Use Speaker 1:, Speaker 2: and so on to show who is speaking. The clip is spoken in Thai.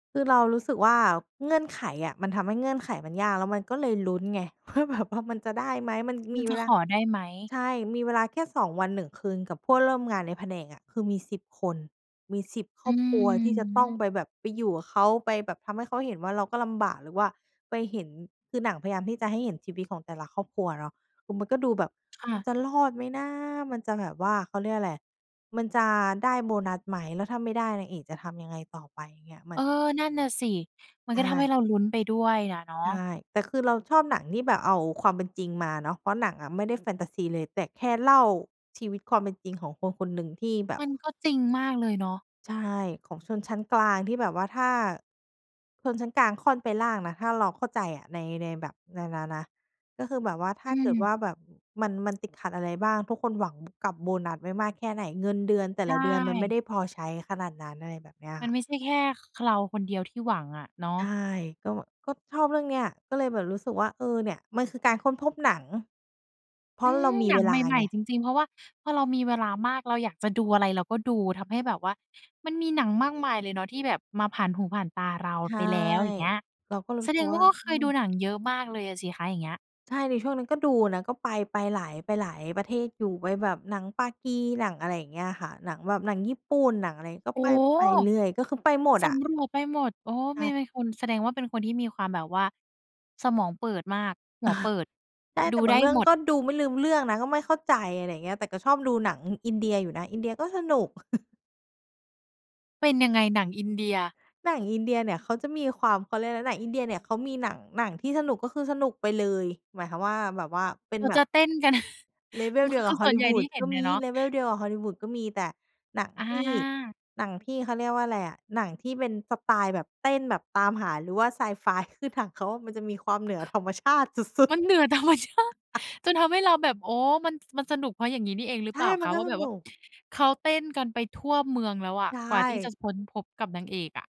Speaker 1: คือเรารู้สึกว่าเงื่อนไขอะ มันทำให้เงื่อนไขมันยาก แล้วมันก็เลยลุ้นไง ว่าแบบ ว่ามันจะได้ไหม มัน
Speaker 2: คุ
Speaker 1: ม
Speaker 2: ณ
Speaker 1: ี
Speaker 2: จ
Speaker 1: เว
Speaker 2: ะ
Speaker 1: ล
Speaker 2: ข
Speaker 1: า
Speaker 2: อได้ไหม
Speaker 1: ใช่ มีเวลาแค่ 2 วัน 1 คืนกับเพื่อนร่วมงานในแผนกอะ คือมี 10 คน มี 10 คร
Speaker 2: อื
Speaker 1: อบครัวที่จะต้อง
Speaker 2: ม
Speaker 1: ไปแบบ ไปอยู่กับเขา ไปแบบทำให้เขาเห็นว่าเราก็ลำบาก หรือว่าไปเห็น คือหนังพยายามที่จะให้เห็นชีวิตของแต่ละครอบครัวเนาะ คือมันก็ดูแบบ
Speaker 2: ค่ะ
Speaker 1: จะรอดไหมนะ มันจะแบบว่า เขาเรียกอะไร มันจะได้โบนัสไหม แล้วถ้าไม่ได้นางเอกจะทำยังไงต่อไป อย่างเงี้ย ม
Speaker 2: เ
Speaker 1: ั
Speaker 2: ออ
Speaker 1: น
Speaker 2: นั่นน่ะสิ มัน
Speaker 1: ใช
Speaker 2: ก็ทำให
Speaker 1: ่
Speaker 2: ้เราลุ้นไปด้วยอะเนา
Speaker 1: ใช
Speaker 2: ะ
Speaker 1: ่ แต่คือเราชอบหนังที่แบบเอาความเป็นจริงมาเนาะ เพราะหนังอะไม่ได้แฟนทาซีเลย แต่แค่เล่าชีวิตความเป็นจริงของคนคนหนึ่งที่แบบ
Speaker 2: มันก็จริงมากเลยเนาะ
Speaker 1: ใช่ ของชนชั้นกลางที่แบบว่า ถ้าชนชั้นกลางค่อนไปล่างนะ ถ้าเราเข้าใจอะใน ในแบบ ในนั่นนะ ก็คือแบบว่าถ้
Speaker 2: อื
Speaker 1: าเกิด
Speaker 2: ม
Speaker 1: ว่าแบบ อ มัน มันติดขัดอะไรบ้าง ทุกคนหวังกับโบนัสไว้มากแค่ไหน เงินเดือนแต่
Speaker 2: ใช
Speaker 1: ละเดือนมันไม่
Speaker 2: ่
Speaker 1: ได้พอใช้ขนาดนั้น อะไรแบบเนี้ย
Speaker 2: มั
Speaker 1: ค
Speaker 2: น
Speaker 1: ่ะ
Speaker 2: ไม่ใช่แค่ ค เราคนเดียวที่หวังอะเนา
Speaker 1: ใ
Speaker 2: ะ
Speaker 1: ช่ ก็ ก็ชอบเรื่องเนี้ย ก็เลยแบบรู้สึกว่า เออ เนี่ย มันคือการค้นพบหนัง เพรา
Speaker 2: อื
Speaker 1: ะเรา
Speaker 2: ม
Speaker 1: มี
Speaker 2: หนั
Speaker 1: เว
Speaker 2: งใ
Speaker 1: ลา
Speaker 2: หม่
Speaker 1: ไง
Speaker 2: ๆ จริง ๆ เพราะว่า พอเรามีเวลามาก เราอยากจะดูอะไรเราก็ดู ทำให้แบบว่ามันมีหนังมากมายเลยเนาะที่แบบมาผ่านหูผ่านตาเรา
Speaker 1: ใช
Speaker 2: ไป
Speaker 1: ่
Speaker 2: แล้ว อย่างเงี้ย
Speaker 1: เราก็รู
Speaker 2: แส
Speaker 1: ้ส
Speaker 2: ด
Speaker 1: ึก
Speaker 2: ง
Speaker 1: ว
Speaker 2: ว่
Speaker 1: ่
Speaker 2: า
Speaker 1: า
Speaker 2: เค
Speaker 1: อื
Speaker 2: ยดู
Speaker 1: ม
Speaker 2: หนังเยอะมากเลยอะสิคะ อย่างเงี้ย
Speaker 1: ใช่ ในช่วงนั้นก็ดูนะ ก็ไป ไปหลาย ไปหลายประเทศอยู่ ไปแบบหนังปากี หนังอะไรอย่างเงี้ยค่ะ หนังแบบหนังญี่ปุ่น หนังอะไร ก็
Speaker 2: โอ้
Speaker 1: ไป ไปเรื่อย ก็คือไปหมด
Speaker 2: ส
Speaker 1: อะ
Speaker 2: ำรวจไปหมด โอ้ ไ
Speaker 1: อ
Speaker 2: ม่
Speaker 1: า
Speaker 2: ไม่ คน แสดงว่าเป็นคนที่มีความแบบว่าสมองเปิดมาก หัวเปิด
Speaker 1: ใช่
Speaker 2: ด
Speaker 1: แ
Speaker 2: ู
Speaker 1: ต่บ
Speaker 2: ไ
Speaker 1: า
Speaker 2: ด้
Speaker 1: งเรื่อง
Speaker 2: หมด
Speaker 1: ก็ดูไม่ลืมเรื่องนะ ก็ไม่เข้าใจ อะไรอย่างเงี้ย แต่ก็ชอบดูหนังอินเดียอยู่นะ อินเดียก็สนุก
Speaker 2: เป็นยังไงหนังอินเดีย?
Speaker 1: หนังอินเดียเนี่ยเขาจะมีความ เขาเรียกอะไร หนังอินเดียเนี่ยเขามีหนัง หนังที่สนุกก็คือสนุกไปเลย หมายความว่าแบบว่าเป็
Speaker 2: เข
Speaker 1: น
Speaker 2: า
Speaker 1: แบ
Speaker 2: จ
Speaker 1: บ
Speaker 2: ะเต้นกัน
Speaker 1: level
Speaker 2: มัน
Speaker 1: เดี
Speaker 2: คื
Speaker 1: ยว
Speaker 2: อ ค
Speaker 1: กั
Speaker 2: ื
Speaker 1: บ
Speaker 2: อส่วนใหญ่ที่
Speaker 1: hollywood
Speaker 2: เห็
Speaker 1: ก็
Speaker 2: น
Speaker 1: ม
Speaker 2: อ
Speaker 1: ี
Speaker 2: ะเนาะ
Speaker 1: level เดียวกับ hollywood ก็มี แต่หนัง
Speaker 2: อ
Speaker 1: ที่
Speaker 2: า
Speaker 1: หนังที่ เขาเรียกว่าอะไรอะ หนังที่เป็นสไตล์แบบเต้นแบบตามหา หรือว่าไซไฟ คือ หนังเขามันจะมีความเหนือ ธรรมชาติ สุด
Speaker 2: มัน
Speaker 1: ๆ
Speaker 2: เหนือ ธรรม ชาติ จนทำให้เราแบบ อ๋อ มัน มันสนุกเพราะ อย่างงี้นี่เองหรื
Speaker 1: ใ
Speaker 2: อ
Speaker 1: ช
Speaker 2: เป
Speaker 1: ่
Speaker 2: ล่า
Speaker 1: มั
Speaker 2: ค
Speaker 1: น
Speaker 2: ะ
Speaker 1: ก็
Speaker 2: ว่า
Speaker 1: ส
Speaker 2: แบบ
Speaker 1: น
Speaker 2: ว
Speaker 1: ุ
Speaker 2: ่า
Speaker 1: ก
Speaker 2: เขาเต้นกันไปทั่วเมืองแล้วอะ
Speaker 1: ใช
Speaker 2: กว่าที่จะ
Speaker 1: ่
Speaker 2: ค้นพบกับนางเอกอะ